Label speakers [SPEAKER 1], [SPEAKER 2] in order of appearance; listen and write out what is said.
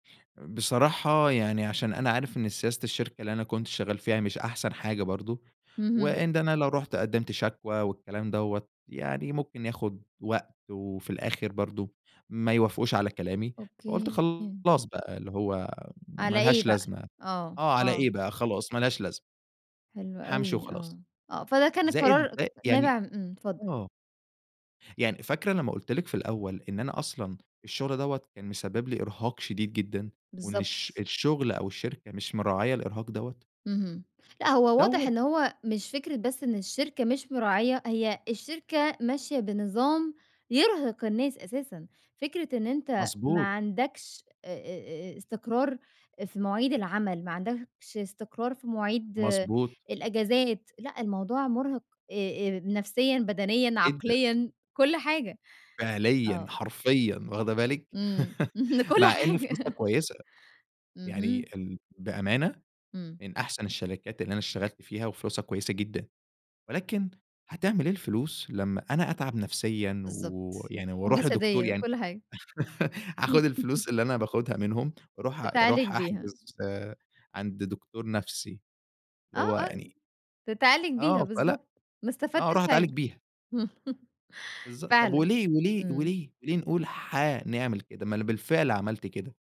[SPEAKER 1] بصراحة يعني عشان أنا عارف إن سياسة الشركة اللي أنا كنت شغال فيها مش أحسن حاجة برضه،
[SPEAKER 2] اهم.
[SPEAKER 1] وإن أنا لو رُحت قدِّمت شكوى والكلام دوَّة يعني ممكن ياخد وقت، وفي الآخر برضه ما يوافقوش على كلامي، فقُلت
[SPEAKER 2] أوكي.
[SPEAKER 1] خلاص بقى اللي هو ما
[SPEAKER 2] على إيه
[SPEAKER 1] لهاش
[SPEAKER 2] بقى؟
[SPEAKER 1] لازمة،
[SPEAKER 2] آه،
[SPEAKER 1] آه على إيه
[SPEAKER 2] آه.
[SPEAKER 1] بقى، خلاص ما لهاش لازمة.
[SPEAKER 2] حلو
[SPEAKER 1] هامشي
[SPEAKER 2] أوي،
[SPEAKER 1] وخلاص،
[SPEAKER 2] آه، آه، فده كان
[SPEAKER 1] زائد
[SPEAKER 2] القرار
[SPEAKER 1] زا يعني،
[SPEAKER 2] نابع إمم، اتفضل.
[SPEAKER 1] آه. يعني فاكرة لمّا قُلت لِك في الأول إن أنا أصلًا الشغل دوَّة كان مسبِّب لي إرهاق شديد جدًا، وإن الش
[SPEAKER 2] بالضبط.
[SPEAKER 1] الشغل أو الشركة مش مراعية الإرهاق دوَّة؟
[SPEAKER 2] اهم، لأ، هو واضح
[SPEAKER 1] دوَّة.
[SPEAKER 2] إن هو مش فكرة بس إن الشركة مش مراعية، هي الشركة ماشية بنظام يرهق الناس أساسًا، فكرة إن أنت ما
[SPEAKER 1] مضبوط.
[SPEAKER 2] عندكش، آآ، آآ، آآ استقرار في مواعيد العمل، ما عندكش استقرار في مواعيد
[SPEAKER 1] مضبوط.
[SPEAKER 2] الأجازات، لأ الموضوع مُرهق، آآ آآ، نفسيًا، بدنيًا،
[SPEAKER 1] جدًا.
[SPEAKER 2] عقليًا، كُلّ حاجة،
[SPEAKER 1] فعليًا،
[SPEAKER 2] آه.
[SPEAKER 1] حرفيًا، واخدة بالِك،
[SPEAKER 2] إمم، كُلّ
[SPEAKER 1] مع إن فلوسها
[SPEAKER 2] حاجة.
[SPEAKER 1] كويسة، يعني
[SPEAKER 2] اهم.
[SPEAKER 1] ال بأمانة،
[SPEAKER 2] إمم.
[SPEAKER 1] من أحسن الشركات اللي أنا اشتغلت فيها، وفلوسها كويسة جدًا، ولكن هتعمل إيه الفلوس لمّا أنا أتعب نفسيًا
[SPEAKER 2] بالضبط،
[SPEAKER 1] ويعني، وأرُوح لدكتور
[SPEAKER 2] وجسديًا،
[SPEAKER 1] يعني
[SPEAKER 2] كُلّ حاجة.
[SPEAKER 1] هاخد الفلوس اللي أنا باخدها منهُم، وأرُوح
[SPEAKER 2] تتعالج
[SPEAKER 1] أرُوح
[SPEAKER 2] بيها.
[SPEAKER 1] أحجز عند دكتور نَفْسي،
[SPEAKER 2] آه،
[SPEAKER 1] اللي هو
[SPEAKER 2] آه،
[SPEAKER 1] يعني.
[SPEAKER 2] تتعالج بيها،
[SPEAKER 1] آه، فلأ،
[SPEAKER 2] بالضبط، ما
[SPEAKER 1] آه،
[SPEAKER 2] استفدتش
[SPEAKER 1] أرُوح أتعالج
[SPEAKER 2] حاجة،
[SPEAKER 1] بيها. بالضبط، طَب
[SPEAKER 2] فعلًا،
[SPEAKER 1] وليه؟ وليه؟
[SPEAKER 2] إمم.
[SPEAKER 1] وليه؟ وليه نقول حانعمل كده؟ ما أنا بالفعل عَمَلت كده.